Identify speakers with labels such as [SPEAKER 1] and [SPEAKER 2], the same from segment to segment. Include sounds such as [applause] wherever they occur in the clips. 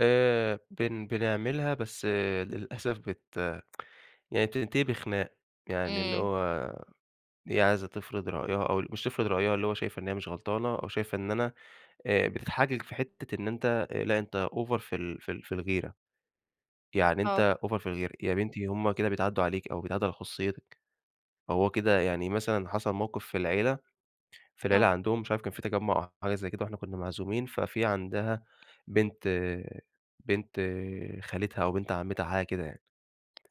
[SPEAKER 1] آآ، بن بنعملها بس للأسف بت [tsk] يعني بتنتهي بخناق. يعني اللي
[SPEAKER 2] امم.
[SPEAKER 1] هو هي عايزة تفرض رأيها أو ال مش تفرض رأيها، اللي هو شايفة إن هي مش غلطانة وشايفة إن أنا آآ بتتحجج في حتة إن أنتَ، آآ لأ، أنتَ أوڤر في ال في ال في الغيرة، يعني
[SPEAKER 2] آه.
[SPEAKER 1] أنتَ أوڤر في الغيرة. يا بنتي هم كده بيتعدوا عليكِ، أو بيتعدوا على خصوصيتِك. هو كده يعني مثلًا حصل موقف في العيلة، في العيلة
[SPEAKER 2] آه.
[SPEAKER 1] عندهم مش عارف كان في تجمع أو حاجة زي كده وإحنا كنا معزومين، ففي عندها بنت بنت خالتها أو بنت عمتها حاجة كده يعني،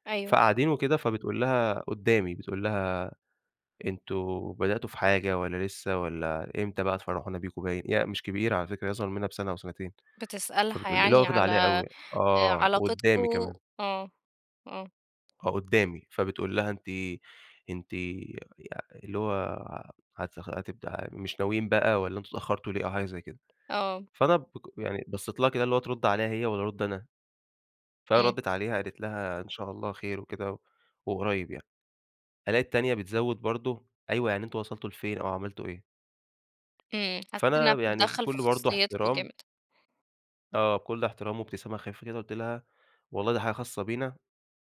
[SPEAKER 2] أيوه.
[SPEAKER 1] فقاعدين وكده فبتقول لها قدامي، بتقول لها: "أنتم بدأتوا في حاجة والّا لسه والّا إمتى بقى تفرحونا بيكم؟" باين، هي مش كبيرة على فكرة هي أصغر مننا بسنة أو سنتين.
[SPEAKER 2] بتسألها
[SPEAKER 1] فبتقول ل اللي هو
[SPEAKER 2] يعني
[SPEAKER 1] واخدة
[SPEAKER 2] على،
[SPEAKER 1] عليها أوي يعني،
[SPEAKER 2] آآ،
[SPEAKER 1] آه، وقدامي
[SPEAKER 2] علاقتكم؟
[SPEAKER 1] كمان.
[SPEAKER 2] آه، آه.
[SPEAKER 1] آه قدامي، فبتقول لها، أنتِ أنتِ يا يا اللي هو، هتخ هتبدأ مش ناويين بقى والّا أنتم اتأخرتوا ليه؟ أو حاجة زي كده.
[SPEAKER 2] آه.
[SPEAKER 1] فأنا بق يعني بصيت لها كده اللي هو ترد عليها هي والّا أرد أنا؟
[SPEAKER 2] امم.
[SPEAKER 1] فردت عليها قالت لها، إن شاء الله خير وكده و وقريب يعني. ألاقي التانية بتزود برضه، أيوه يعني أنتم وصلتوا لفين أو عملتوا إيه؟
[SPEAKER 2] امم، حسيت إنها
[SPEAKER 1] فأنا يعني
[SPEAKER 2] بتتدخل في
[SPEAKER 1] بكل برضه
[SPEAKER 2] خصوصيتكم
[SPEAKER 1] احترام
[SPEAKER 2] جامد.
[SPEAKER 1] آه، بكل احترام وابتسامة خفيفة كده قلت لها: "والله دي حاجة خاصة بينا،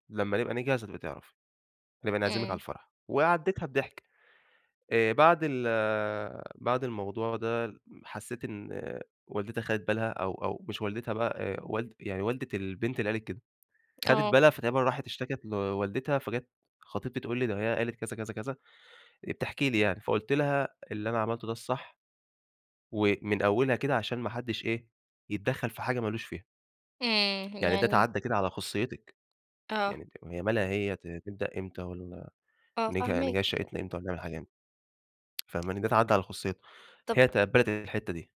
[SPEAKER 1] لما نبقى نجهز هتبقي تعرفي. هنبقى نعزمك على
[SPEAKER 2] امم.
[SPEAKER 1] الفرح." وعديتها بضحك. آآ بعد ال بعد الموضوع ده حسيت إن والدتها أخدت بالها أو أو مش والدتها بقى، آآ والد يعني والدة البنت اللي قالت كده. أخدت
[SPEAKER 2] آه.
[SPEAKER 1] بالها فتقريبًا راحت اشتكت لوالدتها، فجات خطيبتي تقول لي ده هي قالت كذا، كذا، كذا، آآ بتحكي لي يعني، فقلت لها: "اللي أنا عملته ده الصح. ومن أولها كده عشان ما حدش إيه، يتدخل في حاجة ما لوش فيها."
[SPEAKER 2] امم،
[SPEAKER 1] [tsk] يعني ده
[SPEAKER 2] يعني
[SPEAKER 1] تعدِّى كده على خصوصيتك.
[SPEAKER 2] آه.
[SPEAKER 1] يعني ت هي مالها هي ت نبدأ إمتى والّا
[SPEAKER 2] آه
[SPEAKER 1] نجه نجهز
[SPEAKER 2] فاهماك.
[SPEAKER 1] شقتنا إمتى والّا نعمل حاجة إمتى؟ [tsk] فاهماني؟ ده تعدِّى على خصوصيتنا.
[SPEAKER 2] طب
[SPEAKER 1] هي تقبلت الحتة دي.